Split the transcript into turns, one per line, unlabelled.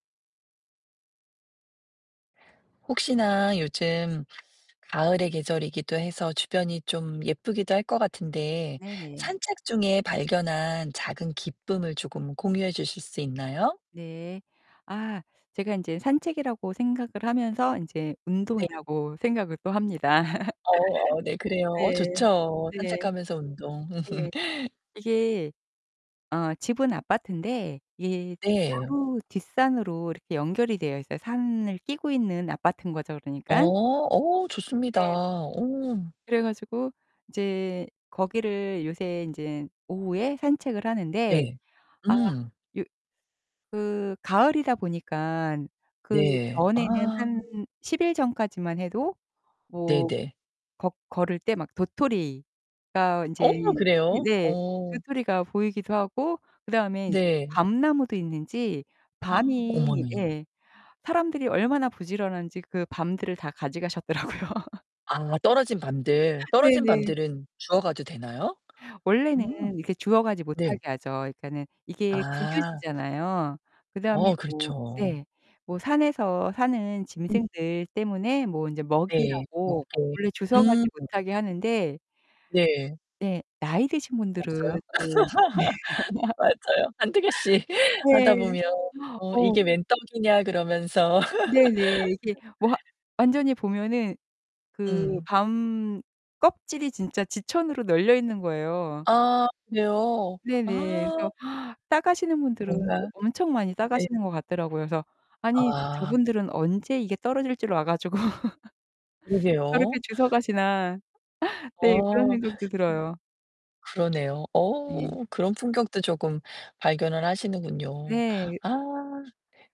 혹시나 요즘 가을의 계절이기도 해서 주변이 좀 예쁘기도 할 것 같은데
네네.
산책 중에 발견한 작은 기쁨을 쪼금 공유해 주실 수 있나요?
네. 아 제가 인제 산책이라고 생각을 하면서 인제
네.
운동이라고 생각을 또 합니다.
어 네 그래요. 어
네.
좋죠.
네.
산책하면서 운동.
예. 이게 어 집은 아파트인데 예
네.
바로 뒷산으로 이렇게 연결이 되어 있어요. 산을 끼고 있는 아파트인 거죠 그러니깐.
어 오 좋습니다.
네.
오.
그래 가지고 이제 거기를 요새 인제 오후에 산책을 하는데
네.
아
음.
요 그 가을이다 보니까 그
네.
전에는
아.
한 10 일 전까지만 해도 뭐
네네.
거 걸을 때 막 도토리가 인제
어 그래요?
네네.
어.
도토리가 보이기도 하고 그다음에 인제
네.
밤나무도 있는지 밤이
어머나.
예 사람들이 얼마나 부지런한지 그 밤들을 다 가져가셨더라고요.
아, 떨어진 밤들. 떨어진
네네.
밤들은 주어가도 되나요?
원래는
음.
이렇게 주워가지 못하게
네.
하죠. 그니까는 이게
아.
국유지잖아요. 그다음에
어
뭐
그렇죠.
네. 뭐 산에서 사는
음.
짐승들 때문에 뭐 인제
네
먹이라고
먹게.
원래 주워가지
음.
못하게 하는데
네.
네. 나이 드신
없어요?
분들은 또
맞아요. 한두 개씩 하다
네.
보면 '어
어.
이게 웬 떡이냐.' 그러면서.
네네. 이게 뭐 완전히 보면은 그
음.
밤 껍질이 진짜 지천으로 널려 있는 거예요.
아, 그래요?
네네.
아.
그래서 따가시는 분들은 또
뭔가
엄청 많이
네.
따가시는 것 같더라고요. 그래서 '아니
아.
저분들은 언제 이게 떨어질 줄 와 가지고.
그러게요.
저렇게 주워 가시나?' 네, 그런
어.
생각도 들어요.
[unintelligible] 그러네요.
네.
어 그런 품격도 쪼금 발견을 하시는군요.
네.
아.